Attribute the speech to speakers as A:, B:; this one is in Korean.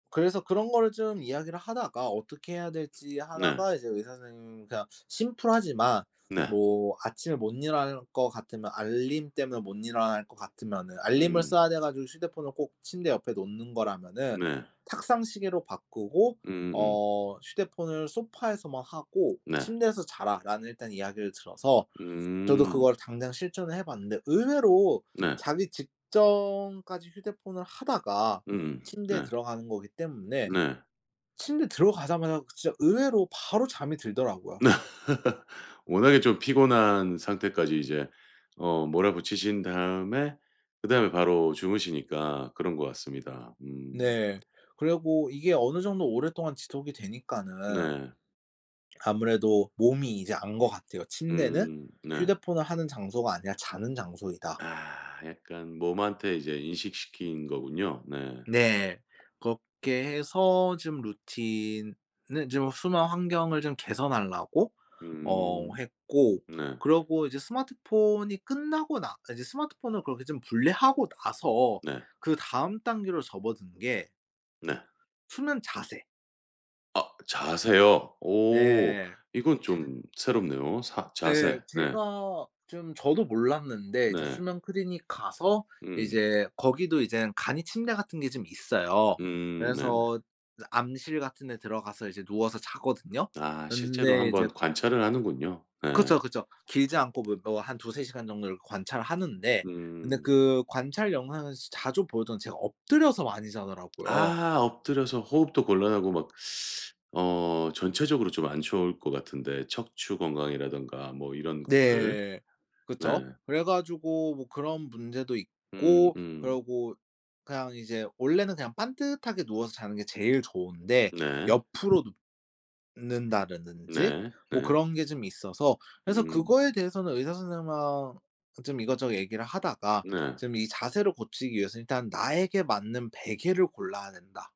A: 그래서 그런 거를 좀 이야기를 하다가 어떻게 해야 될지
B: 네.
A: 하다가 이제 의사 선생님이 그냥 심플하지만
B: 네.
A: 뭐 아침에 못 일어날 것 같으면 알림 때문에 못 일어날 것 같으면은 알림을
B: 음.
A: 써야 돼 가지고 휴대폰을 꼭 침대 옆에 놓는 거라면은
B: 네.
A: 탁상 시계로 바꾸고
B: 음음음.
A: 어 "휴대폰을 소파에서만 하고
B: 네.
A: 침대에서 자라."라는 일단 이야기를 들어서 저도
B: 음.
A: 그걸 당장 실천을 해 봤는데 의외로
B: 네.
A: 자기 직전까지 휴대폰을 하다가
B: 음.
A: 침대에
B: 네.
A: 들어가는 거기 때문에
B: 네.
A: 침대 들어가자마자 진짜 의외로 바로 잠이 들더라고요.
B: 워낙에 좀 피곤한 상태까지 이제 어 몰아붙이신 다음에 그다음에 바로 주무시니까 그런 것 같습니다. 음.
A: 네. 그리고 이게 어느 정도 오랫동안 지속이 되니까는
B: 네.
A: 아무래도 몸이 이제 안 것 같아요. '침대는
B: 음 네.
A: 휴대폰을 하는 장소가 아니라 자는 장소이다.'
B: 아 약간 몸한테 이제 인식시킨 거군요. 네.
A: 네. 그렇게 해서 좀 루틴은 좀 순환 환경을 좀 개선하려고 어
B: 음.
A: 했고
B: 네.
A: 그리고 이제 스마트폰이 끝나고 나 이제 스마트폰을 그렇게 좀 분리하고 나서
B: 네.
A: 그다음 단계로 접어든 게
B: 네.
A: 수면 자세.
B: 아 자세요? 오.
A: 네.
B: 이건 좀 새롭네요. 사
A: 네
B: 자세 네.
A: 제가 좀 저도 몰랐는데 이제
B: 네.
A: 수면 클리닉 가서
B: 음.
A: 이제 거기도 이젠 간이 침대 같은 게 좀 있어요.
B: 음 네네.
A: 그래서 암실 같은 데 들어가서 이제 누워서 자거든요.
B: 아 실제로 1
A: 근데 이제
B: 번 관찰을 하는군요. 네.
A: 그쵸, 그쵸. 길지 않고 뭐-뭐 한 2-3 시간 정도를 관찰하는데 근데
B: 음.
A: 그 관찰 영상을 자주 보던 제가 엎드려서 많이 자더라고요.
B: 아 엎드려서 호흡도 곤란하고 막 어 전체적으로 좀 안 좋을 것 같은데 척추 건강이라든가 뭐 이런 것들.
A: 네.
B: 네.
A: 그쵸. 그래 가지고 뭐 그런 문제도 있고
B: 음음.
A: 그리고 그냥 이제 원래는 그냥 반듯하게 누워서 자는 게 제일 좋은데
B: 네.
A: 옆으로 눕는다라든지
B: 네
A: 뭐
B: 네.
A: 그런 게 좀 있어서 그래서
B: 음.
A: 그거에 대해서는 의사 선생님 하 좀 이것저것 얘기를 하다가
B: 네.
A: 좀 이 자세를 고치기 위해서 일단 나에게 맞는 베개를 골라야 된다.